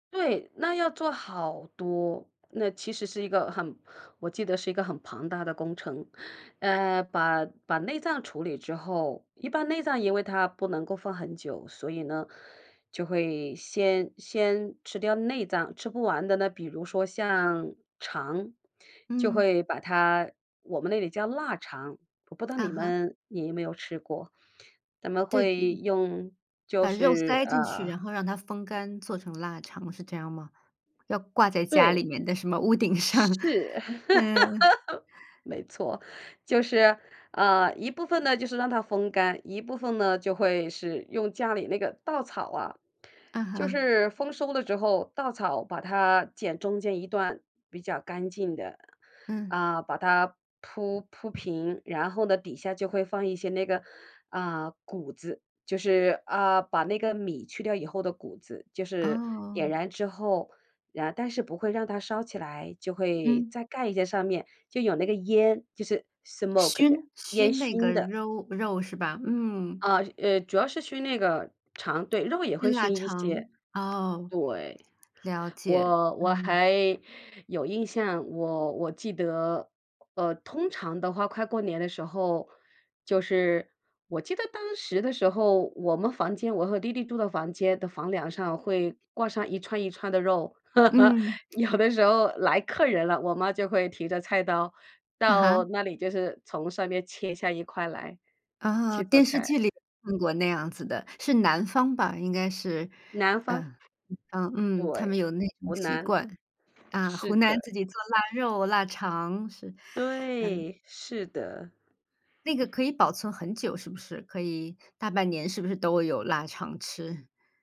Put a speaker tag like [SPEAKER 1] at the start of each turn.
[SPEAKER 1] 对，那要做好多，那其实是一个很我记得是一个很庞大的工程。呃，把把内脏处理之后一般内脏，因为它不能够放很久，所以呢，就会先先吃掉内脏，吃不完的那比如说像肠，就
[SPEAKER 2] 嗯。
[SPEAKER 1] 会把它我们那里叫腊肠，我不知道
[SPEAKER 2] 啊
[SPEAKER 1] 你
[SPEAKER 2] 哈。
[SPEAKER 1] 们你有没有吃过，咱们
[SPEAKER 2] 对，这
[SPEAKER 1] 会用就
[SPEAKER 2] 把肉
[SPEAKER 1] 是，
[SPEAKER 2] 塞进去，
[SPEAKER 1] 呃
[SPEAKER 2] 然后让它风干，做成腊肠，是这样吗？要挂在家
[SPEAKER 1] 对。
[SPEAKER 2] 里面的什么屋顶上，
[SPEAKER 1] 是。
[SPEAKER 2] 嗯。
[SPEAKER 1] 没错，就是呃，一部分呢，就是让它风干，一部分呢，就会是用家里那个稻草啊，
[SPEAKER 2] 嗯
[SPEAKER 1] 就
[SPEAKER 2] 哼。
[SPEAKER 1] 是丰收了之后，稻草把它剪中间一段，比较干净的，
[SPEAKER 2] 嗯。
[SPEAKER 1] 啊，把它铺铺平，然后呢，底下就会放一些那个，啊，谷子，就是啊，把那个米去掉以后的谷子，就是点
[SPEAKER 2] 哦。
[SPEAKER 1] 燃之后啊，但是不会让它烧起来，就会
[SPEAKER 2] 嗯。
[SPEAKER 1] 再盖一个上面就有那个烟，就是 smoke 的，
[SPEAKER 2] 熏
[SPEAKER 1] 烟
[SPEAKER 2] 熏那
[SPEAKER 1] 熏
[SPEAKER 2] 个
[SPEAKER 1] 的。
[SPEAKER 2] 肉肉是吧？嗯。
[SPEAKER 1] 啊，呃，主要是熏那个肠对，肉也会
[SPEAKER 2] 熏腊
[SPEAKER 1] 熏一些，
[SPEAKER 2] 肠，哦，
[SPEAKER 1] 对，
[SPEAKER 2] 了解。
[SPEAKER 1] 我我
[SPEAKER 2] 嗯。
[SPEAKER 1] 还有印象，我我记得，呃，通常的话，快过年的时候就是我记得当时的时候，我们房间我和弟弟住的房间的房梁上会挂上一串一串的肉，
[SPEAKER 2] 嗯。
[SPEAKER 1] 有的时候来客人了，我妈就会提着菜刀
[SPEAKER 2] 啊哈？
[SPEAKER 1] 到那里，就是从上面切下一块来，
[SPEAKER 2] 啊，
[SPEAKER 1] 去做
[SPEAKER 2] 电视
[SPEAKER 1] 菜。
[SPEAKER 2] 剧里看过那样子的，是南方吧，应该是，
[SPEAKER 1] 南方。
[SPEAKER 2] 嗯，嗯，嗯，他们
[SPEAKER 1] 对，
[SPEAKER 2] 有那种
[SPEAKER 1] 湖
[SPEAKER 2] 习
[SPEAKER 1] 南，
[SPEAKER 2] 惯，啊，
[SPEAKER 1] 是
[SPEAKER 2] 湖南自
[SPEAKER 1] 的。
[SPEAKER 2] 己做腊肉、腊肠，是，嗯。
[SPEAKER 1] 对，是的。
[SPEAKER 2] 那个可以保存很久，是不是？可以大半年是不是都会有腊肠吃？